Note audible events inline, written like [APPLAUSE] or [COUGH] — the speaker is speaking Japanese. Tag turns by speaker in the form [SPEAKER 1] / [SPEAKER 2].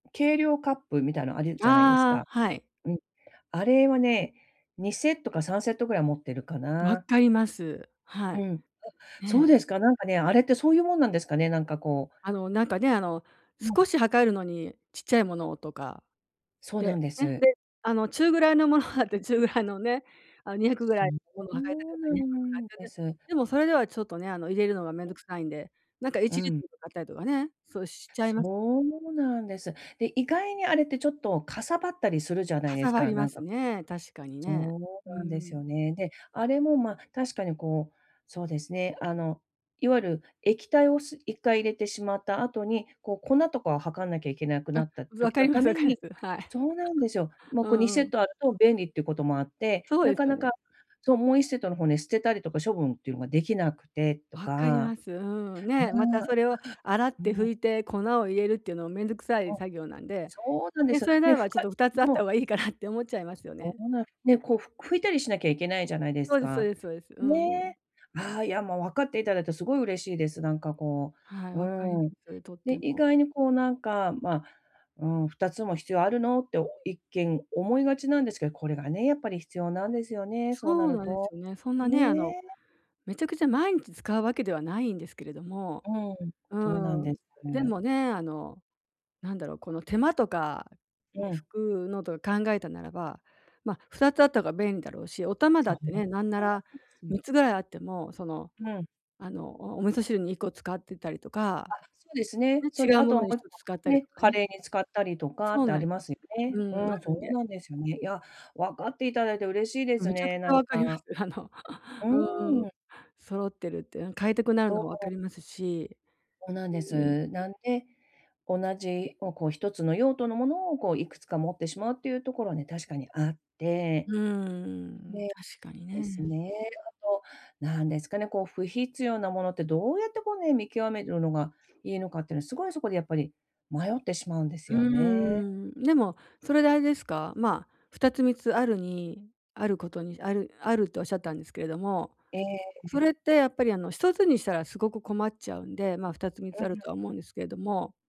[SPEAKER 1] 計量カップみたいのあるじゃないです
[SPEAKER 2] ああ、
[SPEAKER 1] か？
[SPEAKER 2] はい。
[SPEAKER 1] うん、あれはね、2セットか3セットぐらい持ってるか
[SPEAKER 2] 分
[SPEAKER 1] な？
[SPEAKER 2] かります。は
[SPEAKER 1] う
[SPEAKER 2] い。
[SPEAKER 1] ん、あ、そう
[SPEAKER 2] ね。
[SPEAKER 1] ですか、なんかね、あれってそういうもんなんですかね？なんかこう
[SPEAKER 2] あの、なんかね、あの、少
[SPEAKER 1] [UNINTELLIGIBLE]
[SPEAKER 2] し量るのにちっちゃいものをとか、
[SPEAKER 1] そうなん
[SPEAKER 2] で、
[SPEAKER 1] で
[SPEAKER 2] え、
[SPEAKER 1] す。
[SPEAKER 2] で、あの、中ぐらいのものがあって、中ぐらいのね、あの、200ぐ
[SPEAKER 1] そ
[SPEAKER 2] らい
[SPEAKER 1] ん
[SPEAKER 2] のものを
[SPEAKER 1] ぼ
[SPEAKER 2] 量り
[SPEAKER 1] ん
[SPEAKER 2] た
[SPEAKER 1] も
[SPEAKER 2] か
[SPEAKER 1] う
[SPEAKER 2] った
[SPEAKER 1] な
[SPEAKER 2] ら200に
[SPEAKER 1] ん
[SPEAKER 2] 変えて
[SPEAKER 1] で
[SPEAKER 2] ね。
[SPEAKER 1] す。
[SPEAKER 2] でもそれではちょっとね、あの、入れるのがめんどくさいんで、なんかい
[SPEAKER 1] う
[SPEAKER 2] ちリッ
[SPEAKER 1] ん。
[SPEAKER 2] トルとかあったりとかね、そうしちゃいます。
[SPEAKER 1] そうなんです。で、意外にあれってちょっと、嵩張ったりするじゃないで
[SPEAKER 2] 嵩
[SPEAKER 1] す
[SPEAKER 2] 張
[SPEAKER 1] か、
[SPEAKER 2] り
[SPEAKER 1] な
[SPEAKER 2] ま
[SPEAKER 1] ん
[SPEAKER 2] す
[SPEAKER 1] か
[SPEAKER 2] ね、確かに
[SPEAKER 1] そ
[SPEAKER 2] ね。う
[SPEAKER 1] うなんですよ
[SPEAKER 2] ん。
[SPEAKER 1] ね、で、あれも、ま、確かにこう、そうですね、あの、いわゆる液体をす一回入れてしまった後に、こう粉とかを量んなきゃいけなくな
[SPEAKER 2] あ、
[SPEAKER 1] った
[SPEAKER 2] ず分
[SPEAKER 1] 時
[SPEAKER 2] か
[SPEAKER 1] の
[SPEAKER 2] りま
[SPEAKER 1] た
[SPEAKER 2] す分
[SPEAKER 1] め
[SPEAKER 2] かり
[SPEAKER 1] に
[SPEAKER 2] ます。はい。
[SPEAKER 1] そうなんですよ。もう、
[SPEAKER 2] う
[SPEAKER 1] こう、に
[SPEAKER 2] んう
[SPEAKER 1] セッ
[SPEAKER 2] ん。
[SPEAKER 1] トあると便利っていうこともあって、
[SPEAKER 2] そう
[SPEAKER 1] な
[SPEAKER 2] です
[SPEAKER 1] か
[SPEAKER 2] よ
[SPEAKER 1] なか
[SPEAKER 2] ね。
[SPEAKER 1] そう、もう1セットの方ね、捨てたりとか処分っていうのができなくてと
[SPEAKER 2] 分かり
[SPEAKER 1] か、
[SPEAKER 2] ます。うん。ね、またそれを洗っ
[SPEAKER 1] ぬ
[SPEAKER 2] て
[SPEAKER 1] ん。う
[SPEAKER 2] 拭
[SPEAKER 1] ん。
[SPEAKER 2] いて粉を入れるっていうのもめんどくさい
[SPEAKER 1] うん。
[SPEAKER 2] 作業なんで、
[SPEAKER 1] そうなんで
[SPEAKER 2] ね、
[SPEAKER 1] すよ。
[SPEAKER 2] それな
[SPEAKER 1] で、
[SPEAKER 2] ら
[SPEAKER 1] ふ
[SPEAKER 2] ばちょっ
[SPEAKER 1] かい
[SPEAKER 2] とふた
[SPEAKER 1] ん、
[SPEAKER 2] つあっ
[SPEAKER 1] そ
[SPEAKER 2] た
[SPEAKER 1] う。
[SPEAKER 2] 方がいいかなって思っちゃいますよ
[SPEAKER 1] そ
[SPEAKER 2] ね。
[SPEAKER 1] うなる。ね、こう、ふ拭いたりしなきゃいけないじゃないです
[SPEAKER 2] そうですそう
[SPEAKER 1] か。
[SPEAKER 2] ですそうです。うんうん。
[SPEAKER 1] ね。ああ、いや、もう分かっていただいてすごい嬉しいです、なんかこ
[SPEAKER 2] はい、
[SPEAKER 1] う、
[SPEAKER 2] 分かりま
[SPEAKER 1] うーん。
[SPEAKER 2] す、とっ
[SPEAKER 1] で、
[SPEAKER 2] て
[SPEAKER 1] 意
[SPEAKER 2] も。
[SPEAKER 1] 外にこうなんか、ま、うーん、2つも必要あるの？って、一見思いがちなんですけど、これがね、やっぱり必要なんですよね、そう
[SPEAKER 2] そ
[SPEAKER 1] な
[SPEAKER 2] う
[SPEAKER 1] る
[SPEAKER 2] なんです
[SPEAKER 1] と。
[SPEAKER 2] よね。そんなね、あの、
[SPEAKER 1] ね。
[SPEAKER 2] めちゃくちゃ毎日使うわけではないんですけれども。
[SPEAKER 1] うん、
[SPEAKER 2] う
[SPEAKER 1] とうなん
[SPEAKER 2] ー
[SPEAKER 1] で
[SPEAKER 2] ん。
[SPEAKER 1] す。
[SPEAKER 2] でもね、あの、なんだろう、この手間とかね、
[SPEAKER 1] うん。
[SPEAKER 2] 拭くのとか考えたならば、ま、2つあったが便利だろうし、お玉だ
[SPEAKER 1] そ
[SPEAKER 2] っ
[SPEAKER 1] う
[SPEAKER 2] て
[SPEAKER 1] なんで
[SPEAKER 2] ね、なんならみ
[SPEAKER 1] す。
[SPEAKER 2] っつぐらいあっても、その、
[SPEAKER 1] うん。
[SPEAKER 2] あの、おお味噌汁に1個使ってたりと
[SPEAKER 1] あ、
[SPEAKER 2] か、
[SPEAKER 1] そうですね。
[SPEAKER 2] ね、
[SPEAKER 1] そん
[SPEAKER 2] 違
[SPEAKER 1] で
[SPEAKER 2] う
[SPEAKER 1] あ
[SPEAKER 2] も
[SPEAKER 1] とは
[SPEAKER 2] の
[SPEAKER 1] も
[SPEAKER 2] に
[SPEAKER 1] う
[SPEAKER 2] ひ
[SPEAKER 1] いっ
[SPEAKER 2] とつ
[SPEAKER 1] こ、
[SPEAKER 2] 使ったりと
[SPEAKER 1] ね、
[SPEAKER 2] か
[SPEAKER 1] カ
[SPEAKER 2] ね。
[SPEAKER 1] レーに使ったりとかっ
[SPEAKER 2] そう
[SPEAKER 1] てあ
[SPEAKER 2] な
[SPEAKER 1] り
[SPEAKER 2] い
[SPEAKER 1] ますよ
[SPEAKER 2] う
[SPEAKER 1] ね。う
[SPEAKER 2] ん、あ
[SPEAKER 1] ん、そ
[SPEAKER 2] るん
[SPEAKER 1] う
[SPEAKER 2] で。
[SPEAKER 1] なんですよね。いや、わかっていただいて嬉しいです
[SPEAKER 2] めちゃく
[SPEAKER 1] ね、
[SPEAKER 2] ちゃ
[SPEAKER 1] なん
[SPEAKER 2] 分かります。
[SPEAKER 1] か。
[SPEAKER 2] あの、
[SPEAKER 1] う
[SPEAKER 2] うん。
[SPEAKER 1] ーん。
[SPEAKER 2] 揃ってるって、うん、変えたくなる
[SPEAKER 1] ど
[SPEAKER 2] の
[SPEAKER 1] う
[SPEAKER 2] も分
[SPEAKER 1] ほ
[SPEAKER 2] か
[SPEAKER 1] う。
[SPEAKER 2] りますし
[SPEAKER 1] おなんで
[SPEAKER 2] うん。
[SPEAKER 1] す。なんで、同じをこう、1つの用途のものをこう、いくつか持ってしまうっていうところはね、確かにあっ
[SPEAKER 2] う
[SPEAKER 1] て。
[SPEAKER 2] ーん、
[SPEAKER 1] ね、
[SPEAKER 2] 確かに
[SPEAKER 1] です
[SPEAKER 2] ね。
[SPEAKER 1] ね。あとなんですかね、こう不必要なものってどうやってこうね、見極めるのがいいのかっていうのは、すごいそこでやっぱり迷ってしまうんです
[SPEAKER 2] う
[SPEAKER 1] よね。
[SPEAKER 2] ーん、でもそれであれですか？ま、2つ、3つあるにあることにあるあるとおっしゃったんですけれども、
[SPEAKER 1] えええええ
[SPEAKER 2] そ
[SPEAKER 1] え。
[SPEAKER 2] れってやっぱり、あの、1つにしたらすごく困っちゃうんで、ま、2つ、3つあ
[SPEAKER 1] う
[SPEAKER 2] る
[SPEAKER 1] ん。
[SPEAKER 2] とは思うんですけども。